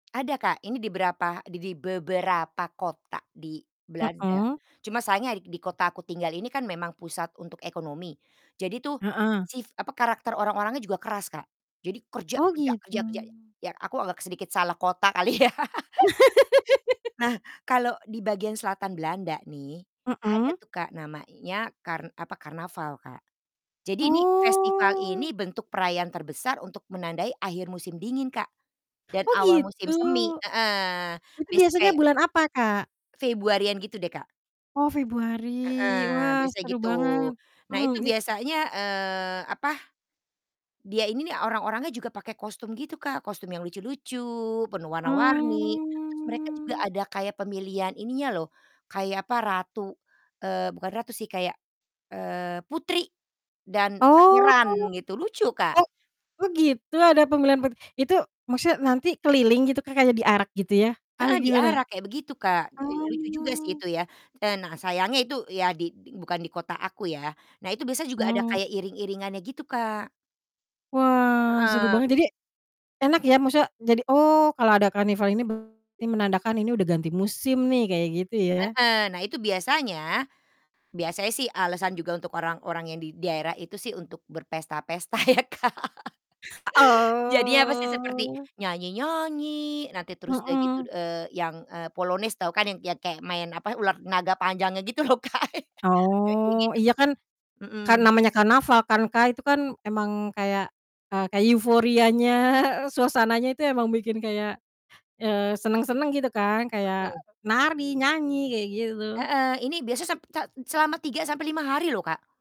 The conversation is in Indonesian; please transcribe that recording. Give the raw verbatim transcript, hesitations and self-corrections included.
Ada Kak, ini di berapa di di beberapa kota di Belanda, Mhm. cuma sayangnya di kota aku tinggal ini kan memang pusat untuk ekonomi, jadi tuh Heeh. si, apa karakter orang-orangnya juga keras, Kak. Jadi kerja Oh kerja gitu. kerja kerja, ya aku agak sedikit salah kota kali ya. Nah kalo di bagian selatan Belanda nih, ada Mhm. tuh Kak namanya, kar apa, karnaval, Kak. Jadi ini, festival Oh. ini bentuk perayaan terbesar untuk menandai akhir musim dingin, Kak. Dan Oh awal musim gitu? semi, heeh, Itu biasa biasanya kayak bulan apa, Kak? Februari-an gitu deh, Kak. Oh Februari, Heeh, wah biasanya seru gitu. banget. Nah Mmm, itu it biasanya, eee, apa, dia ini orang-orangnya juga pakai kostum gitu Kak, kostum yang lucu-lucu, penuh warna-warni, terus mereka juga Mmm. ada kayak pemilihan ininya loh, kayak apa ratu eee, bukan ratu sih, kayak, eee, putri dan Oh. pangeran gitu, lucu, Kak. Oh oh gitu, ada pembelian per itu maksudnya nanti keliling gitu, Kak, kayak diarak gitu ya? Apa Heeh, gimana? diarak kayak begitu Kak, eee, lucu juga sih Oh. itu ya. Eee, nah sayangnya itu ya di bukan di kota aku ya, nah itu biasanya juga ada Mmm. kayak iring-iringannya gitu, Kak. Wah, seru Heeh. banget. Jadi, enak ya, maksudnya jadi, "Oh kalau ada karnival ini berarti menandakan ini udah ganti musim nih." Kayak gitu ya. Heeh, nah itu biasanya biasanya sih alasan juga untuk orang-orang yang di daerah itu sih untuk berpesta-pesta ya, Kak. Jadinya apa sih, seperti Oh. nyanyi-nyanyi, nanti terus udah gitu, Heeh. eee, yang, eee, polonis tau kan, yang yang kayak main, apa, ular naga panjangnya gitu loh, Kak. Kayak Oh, gitu, iya Kak, kan kan mhm. namanya karnaval kan Kak, itu kan emang kayak eee, kayak euforianya, suasananya itu emang bikin kayak, eee, senang-senang gitu kan, kayak Betul. nari, nyanyi kayak gitu. Heeh, ini biasa sep se selama tiga sampai lima hari loh, Kak.